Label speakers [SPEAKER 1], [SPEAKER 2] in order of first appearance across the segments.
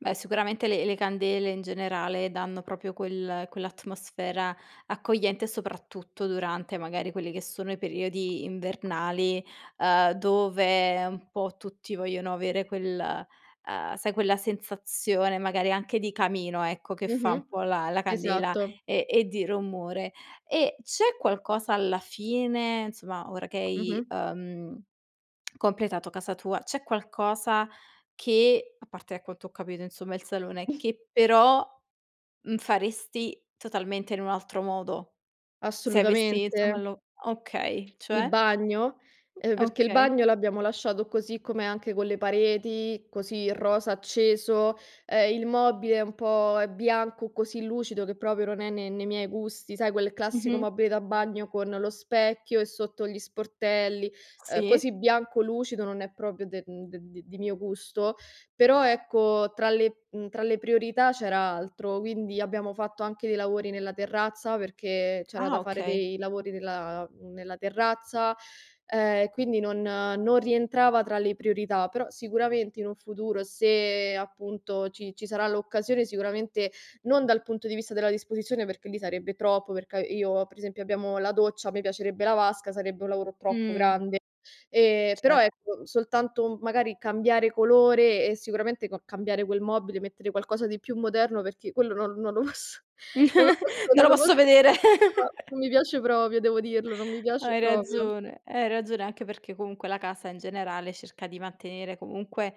[SPEAKER 1] Beh sicuramente le le candele in generale danno proprio quel quell'atmosfera accogliente soprattutto durante magari quelli che sono i periodi invernali, ehm, dove un po' tutti vogliono avere quel, uhm, sai quella sensazione magari anche di camino ecco che fa
[SPEAKER 2] Mh-mh.
[SPEAKER 1] un po' la la candela,
[SPEAKER 2] Esatto.
[SPEAKER 1] ehm, e di rumore. E c'è qualcosa alla fine, insomma, ora che hai,
[SPEAKER 2] Mh-mh.
[SPEAKER 1] uhm, completato casa tua c'è qualcosa che, a parte ecco da quanto ho capito insomma il salone, che però, mhmm, faresti totalmente in un altro modo? Se avessi insomma
[SPEAKER 2] Assolutamente.
[SPEAKER 1] lo okay,
[SPEAKER 2] Il
[SPEAKER 1] cioè?
[SPEAKER 2] bagno? Uhm, perchè il
[SPEAKER 1] Okay.
[SPEAKER 2] bagno l'abbiamo lasciato così com'è, anche con le pareti, così rosa acceso, ehm, il mobile è un po' è bianco, così lucido che proprio non è ne nei miei gusti, sai quel classico
[SPEAKER 1] Mh-mh.
[SPEAKER 2] mobile da bagno con lo specchio e sotto gli sportelli, ehm, così
[SPEAKER 1] Sì.
[SPEAKER 2] bianco lucido, non è proprio del mhmm, de di mio gusto, però ecco, tra le, mhmm, tra le priorità c'era altro, quindi abbiamo fatto anche dei lavori nella terrazza, perché c'era anche
[SPEAKER 1] Ah.
[SPEAKER 2] da fare
[SPEAKER 1] Okay.
[SPEAKER 2] dei lavori nella mhmm, nella terrazza, ehm, quindi non non rientrava tra le priorità, però, sicuramente, in un futuro, se, appunto ci ci sarà l'occasione, sicuramente, non dal punto di vista della disposizione, perché lì sarebbe troppo, perché a io per esempio abbiamo la doccia, a me piacerebbe la vasca, sarebbe un lavoro troppo
[SPEAKER 1] Mh.
[SPEAKER 2] grande. Ehm, però,
[SPEAKER 1] Cer
[SPEAKER 2] ecco, soltanto, mhmm, magari cambiare colore e sicuramente ca cambiare quel mobile, mettere qualcosa di più moderno, perché quello non non lo posso non lo posso
[SPEAKER 1] Non
[SPEAKER 2] non
[SPEAKER 1] lo
[SPEAKER 2] lo po
[SPEAKER 1] posso vedere.
[SPEAKER 2] no ma, non mi piace proprio, devo dirlo, non mi piace
[SPEAKER 1] Hai
[SPEAKER 2] proprio.
[SPEAKER 1] ragione hai ragione anche perché comunque la casa in generale cerca di mantenere comunque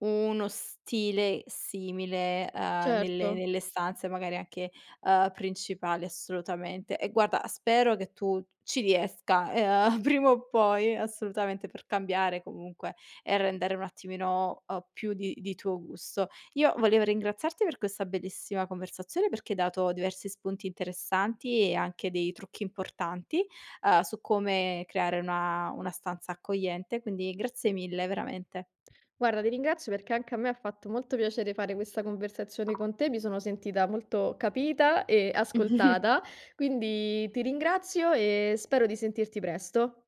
[SPEAKER 1] uno stile simile, uhm, nelle
[SPEAKER 2] Certo.
[SPEAKER 1] nelle stanze magari anche, uhm, principali, assolutamente. E guarda, spero che tu ci riesca ehm, prima o poi assolutamente per cambiare comunque e rendere un attimino o più di di tuo gusto. Io volevo ringraziarti per questa bellissima conversazione perché hai dato diversi spunti interessanti e anche dei trucchi importanti, uhm, su come creare una una stanza accogliente, quindi grazie mille veramente.
[SPEAKER 2] Guarda ti ringrazio perché anche a me ha fatto molto piacere fare questa conversazione con te, mi sono sentita molto capita e ascoltata, quindi ti ringrazio e spero di sentirti presto.